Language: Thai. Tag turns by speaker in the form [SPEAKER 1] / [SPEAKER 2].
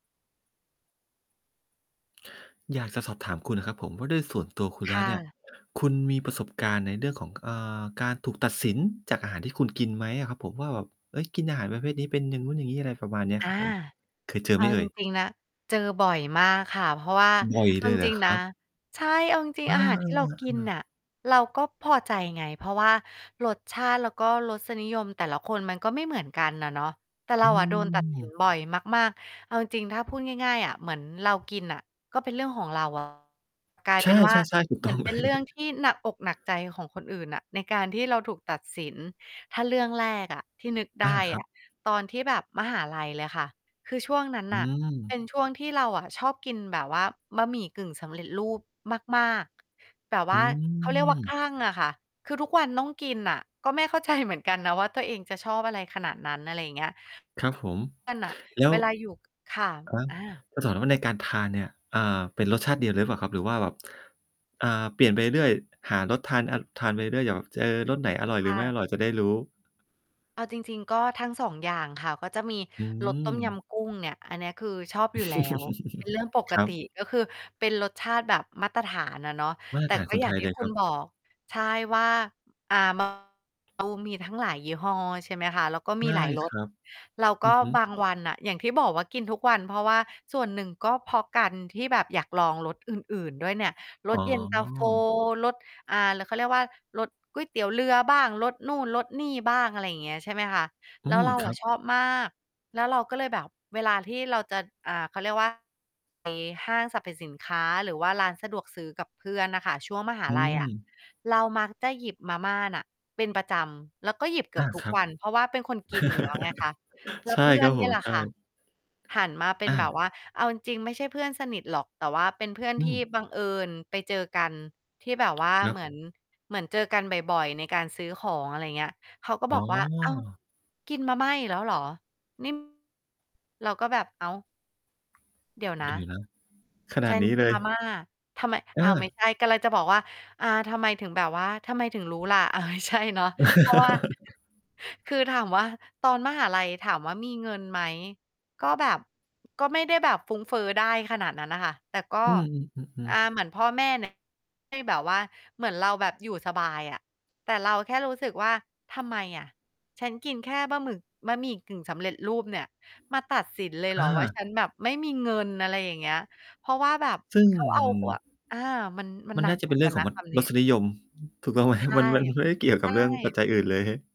[SPEAKER 1] อยากจะสอบถามคุณครับผมว่าด้วยส่วนตัวคุณ
[SPEAKER 2] ค
[SPEAKER 1] แล้
[SPEAKER 2] ่
[SPEAKER 1] วเนี่ย
[SPEAKER 2] ะ
[SPEAKER 1] คุณมีประสบการณ์ในเรื่องของ อ่า การถูกตัดสินจากอาหารที่คุณกินไหมอะครับผม? ว่าแบบ เฮ้ย กินอาหารประเภทนี้เป็นอย่างนู้นอย่างนี้ อะไรประมาณนี้
[SPEAKER 2] อ
[SPEAKER 1] ค
[SPEAKER 2] า
[SPEAKER 1] รับผม เคยเจ
[SPEAKER 2] เ
[SPEAKER 1] อไ
[SPEAKER 2] อ
[SPEAKER 1] ห
[SPEAKER 2] า
[SPEAKER 1] มเอ
[SPEAKER 2] จ
[SPEAKER 1] ่ย?
[SPEAKER 2] ริง ๆ นะ เจอบ่อยมากค่ะ เพราะว่า
[SPEAKER 1] บ่อย
[SPEAKER 2] เอ
[SPEAKER 1] เ
[SPEAKER 2] า
[SPEAKER 1] ล
[SPEAKER 2] จ
[SPEAKER 1] ยเหรอ
[SPEAKER 2] ริง
[SPEAKER 1] ค
[SPEAKER 2] ๆ
[SPEAKER 1] ร
[SPEAKER 2] นะ
[SPEAKER 1] ับ?
[SPEAKER 2] ใช่ เอาจริง
[SPEAKER 1] อา
[SPEAKER 2] ๆ อาหารที่เรากิน
[SPEAKER 1] ๆ ๆ ๆ
[SPEAKER 2] น่ะเราก็พอใจไง เพราะว่ารสชาติแล้วก็รสนิยมแต่ละคนมันก็ไม่เหมือนกันน่ะเนาะ แต่เร
[SPEAKER 1] อ
[SPEAKER 2] า
[SPEAKER 1] ื
[SPEAKER 2] อะโดนตัด สิน
[SPEAKER 1] ม
[SPEAKER 2] บ่อยมาก ๆ เอาจริง ๆ ถ้าพูดง่าย ๆ อะ เหมือนเรากินน่ะก็เป็นเรื่องของเรา อะ กลาย
[SPEAKER 1] ใช
[SPEAKER 2] เป็นว่า
[SPEAKER 1] ่ ๆ ๆ ถูก
[SPEAKER 2] เหม
[SPEAKER 1] ต้
[SPEAKER 2] ือ
[SPEAKER 1] อง
[SPEAKER 2] นเป
[SPEAKER 1] เล
[SPEAKER 2] ็น
[SPEAKER 1] ย
[SPEAKER 2] เรื่องที่หนักอกหนักใจของคนอื่นน่ะ ในการที่เราถูกตัดสิน ถ้าเรื่องแรกอะที่นึก
[SPEAKER 1] อ
[SPEAKER 2] ได
[SPEAKER 1] า
[SPEAKER 2] ้
[SPEAKER 1] คร
[SPEAKER 2] อ
[SPEAKER 1] ับ
[SPEAKER 2] ะ ตอนที่แบบมหาลัยเลยค่ะ คือช่วงนั้น
[SPEAKER 1] อื
[SPEAKER 2] น่ะ เป็น
[SPEAKER 1] ม
[SPEAKER 2] ช่วงที่เราอะชอบกินแบบว่าบะหมี่กึ่งสำเร็จรูปมาก ๆ แบบว
[SPEAKER 1] อื
[SPEAKER 2] ่าเขาเรียกว่าค
[SPEAKER 1] ม
[SPEAKER 2] ลั่งอะค่ะ คือทุกวันต้องกินน่ะ ก็ไม่เข้าใจเหมือนกันนะว่าตัวเองจะชอบอะไรขนาดนั้น อะไรอย่างเงี้ย ก็น
[SPEAKER 1] ครับผม แล้
[SPEAKER 2] ่ะ เ
[SPEAKER 1] ว
[SPEAKER 2] วลาอยู่ ค่ะ
[SPEAKER 1] อะฮะ
[SPEAKER 2] อา
[SPEAKER 1] จะถามว่าในการทานเนี่ย อ่า เป็นรสชาติเดียวหรือเปล่าครับ? หรือว่าแบบ อ่า เปลี่ยนไปเรื่อย ๆ หารสทานอะ ทานไปเรื่อย ๆ อย่างแบบเจอรสไหนอร่อยห
[SPEAKER 2] ค
[SPEAKER 1] รื
[SPEAKER 2] ่
[SPEAKER 1] อไม่
[SPEAKER 2] ะ
[SPEAKER 1] อร่อยจะได้รู้?
[SPEAKER 2] เอาจริง ๆ ก็ทั้ง 2 อย่างค่ะ ก็จะมี
[SPEAKER 1] อื
[SPEAKER 2] รสต้มย
[SPEAKER 1] ม
[SPEAKER 2] ำกุ้งเนี่ย อันนี้คือชอบอยู่แล้ว เป็นเรื่องปก
[SPEAKER 1] ครั
[SPEAKER 2] ติ
[SPEAKER 1] บ
[SPEAKER 2] ก็คือเป็นรสชาติแบบมาตรฐานอะเนาะ
[SPEAKER 1] มาต
[SPEAKER 2] แต
[SPEAKER 1] ร
[SPEAKER 2] ่
[SPEAKER 1] ฐาน
[SPEAKER 2] ก็
[SPEAKER 1] คน
[SPEAKER 2] อย่
[SPEAKER 1] ไ
[SPEAKER 2] า
[SPEAKER 1] ท
[SPEAKER 2] ง
[SPEAKER 1] ย
[SPEAKER 2] ที
[SPEAKER 1] เ
[SPEAKER 2] ่
[SPEAKER 1] ลย
[SPEAKER 2] คุ
[SPEAKER 1] คร
[SPEAKER 2] ณ
[SPEAKER 1] ั
[SPEAKER 2] บ
[SPEAKER 1] บ
[SPEAKER 2] อก ใช่ ว่า อ่า มา ทั้งหลายยี่ห้อใช่ไหมคะ แล้วก็
[SPEAKER 1] ใช
[SPEAKER 2] มี
[SPEAKER 1] ่
[SPEAKER 2] หลายร
[SPEAKER 1] ค
[SPEAKER 2] ส
[SPEAKER 1] รับ
[SPEAKER 2] เราก
[SPEAKER 1] อื
[SPEAKER 2] ็
[SPEAKER 1] อฮึ
[SPEAKER 2] บางวันน่ะ อย่างที่บอกว่ากินทุกวัน เพราะว่าส่วนหนึ่งก็เพราะกันที่แบบอยากลองรสอื่น ๆ ด้วยเนี่ย ร
[SPEAKER 1] อ๋
[SPEAKER 2] สเย็นตา โฟ
[SPEAKER 1] อ
[SPEAKER 2] รส อ่า แล้วเขาเรียกว่า รสก๋วยเตี๋ยวเรือบ้าง รสนู่น รสนี่บ้าง อะไรอย่างเงี้ย ใช่ไหมคะ
[SPEAKER 1] อื
[SPEAKER 2] แล้ว
[SPEAKER 1] ม
[SPEAKER 2] เรา
[SPEAKER 1] ค
[SPEAKER 2] อ
[SPEAKER 1] รั
[SPEAKER 2] ะ
[SPEAKER 1] บ
[SPEAKER 2] ชอบมาก แล้วเราก็เลยแบบเวลาที่เราจะ อ่า เขาเรียก ว่า ใน ห้างสรรพสินค้าหรือว่าร้านสะดวกซื้อกับเพื่อนน่ะค่ะ ช่วง มหา
[SPEAKER 1] อื
[SPEAKER 2] ลัยอะ
[SPEAKER 1] ม
[SPEAKER 2] เรามักจะหยิบมาม่าน่ะเป็นประจำ แล้วก็หยิบเกื
[SPEAKER 1] อ
[SPEAKER 2] อ
[SPEAKER 1] า
[SPEAKER 2] บทุ
[SPEAKER 1] ค
[SPEAKER 2] ก
[SPEAKER 1] รับ
[SPEAKER 2] วัน เพราะว่าเป็นคนกินอยู่แล้วไงคะ แล้
[SPEAKER 1] ใช
[SPEAKER 2] ว
[SPEAKER 1] ่
[SPEAKER 2] เพื่
[SPEAKER 1] ค
[SPEAKER 2] อ
[SPEAKER 1] รั
[SPEAKER 2] น
[SPEAKER 1] บ
[SPEAKER 2] เ
[SPEAKER 1] ผ
[SPEAKER 2] นี่ย
[SPEAKER 1] ม
[SPEAKER 2] แหละ
[SPEAKER 1] ใช
[SPEAKER 2] ค่ะ
[SPEAKER 1] ่
[SPEAKER 2] หันมาเป็
[SPEAKER 1] อ
[SPEAKER 2] นแบบ
[SPEAKER 1] า
[SPEAKER 2] ว่า เอาจริง ๆ ไม่ใช่เพื่อนสนิทหรอก แต่ว่าเป็นเพื่อน
[SPEAKER 1] อื
[SPEAKER 2] ที่
[SPEAKER 1] ม
[SPEAKER 2] บังเอิญไปเจอกันที่แบบว่า
[SPEAKER 1] เนา
[SPEAKER 2] เ
[SPEAKER 1] ะ
[SPEAKER 2] หมือน เหมือนเจอกันบ่อย ๆ ในการซื้อของ อะไรอย่างเงี้ย เขาก็
[SPEAKER 1] อ
[SPEAKER 2] บ
[SPEAKER 1] ๋
[SPEAKER 2] อกว่า "อ้าว
[SPEAKER 1] อ
[SPEAKER 2] กินมาม่าอีกแล้วเหรอ นี่" เราก็แบบ อ้าว เดี๋ยวนะ
[SPEAKER 1] ดีนะ ขนา
[SPEAKER 2] ฉ
[SPEAKER 1] ด
[SPEAKER 2] ัน
[SPEAKER 1] นี้
[SPEAKER 2] ก
[SPEAKER 1] เ
[SPEAKER 2] ิ
[SPEAKER 1] ล
[SPEAKER 2] น
[SPEAKER 1] ย
[SPEAKER 2] มาม่า ทำไม
[SPEAKER 1] เ
[SPEAKER 2] อ้าว ไม่
[SPEAKER 1] ออ
[SPEAKER 2] ใช่ กำลังจะบอกว่า อ่า ทำไมถึงแบบว่า ทำไมถึงรู้ล่ะ อ่า ไม่ใช่ เนาะ เพราะว่า คือถามว่าตอนมหาลัยถามว่ามีเงินไหม ก็แบบ ก็ไม่ได้แบบฟุ้งเฟ้อได้ขนาดนั้นน่ะค่ะ แต่ก็
[SPEAKER 1] อือ
[SPEAKER 2] อ่
[SPEAKER 1] ๆ
[SPEAKER 2] า
[SPEAKER 1] ๆ ๆ
[SPEAKER 2] เหมือนพ่อแม่ น่ะ ที่แบบว่า เหมือนเราแบบอยู่สบายอะ แต่เราแค่รู้สึกว่าทำไมอะ ฉันกินแค่บะหมึก บะหมี่กึ่งสำเร็จรูปเนี่ย มาตัดสินเลยเห
[SPEAKER 1] อ
[SPEAKER 2] รอ ว่า
[SPEAKER 1] า
[SPEAKER 2] ฉันแบบไม่มีเงิน อะไรอย่างเงี้ย เพราะว่าแบบ
[SPEAKER 1] ซึ่ง
[SPEAKER 2] เขาเ
[SPEAKER 1] ม
[SPEAKER 2] อ
[SPEAKER 1] ั
[SPEAKER 2] า
[SPEAKER 1] น
[SPEAKER 2] ครัว อา มัน มัน
[SPEAKER 1] มั
[SPEAKER 2] ห
[SPEAKER 1] น
[SPEAKER 2] นั
[SPEAKER 1] น่
[SPEAKER 2] ก
[SPEAKER 1] าจะ
[SPEAKER 2] เห
[SPEAKER 1] เ
[SPEAKER 2] ม
[SPEAKER 1] ป็
[SPEAKER 2] ือ
[SPEAKER 1] น
[SPEAKER 2] น
[SPEAKER 1] เรื
[SPEAKER 2] ก
[SPEAKER 1] ่
[SPEAKER 2] ั
[SPEAKER 1] อง
[SPEAKER 2] น
[SPEAKER 1] ข
[SPEAKER 2] น
[SPEAKER 1] อง
[SPEAKER 2] ะ
[SPEAKER 1] อ
[SPEAKER 2] คำนี
[SPEAKER 1] ร
[SPEAKER 2] ้
[SPEAKER 1] สนิยม ถูกต้องไหม?
[SPEAKER 2] ใช่
[SPEAKER 1] มัน มันไม่ได้เกี่ยว
[SPEAKER 2] ใช
[SPEAKER 1] กับเรื่องปัจ
[SPEAKER 2] ่
[SPEAKER 1] จัยอื่นเลย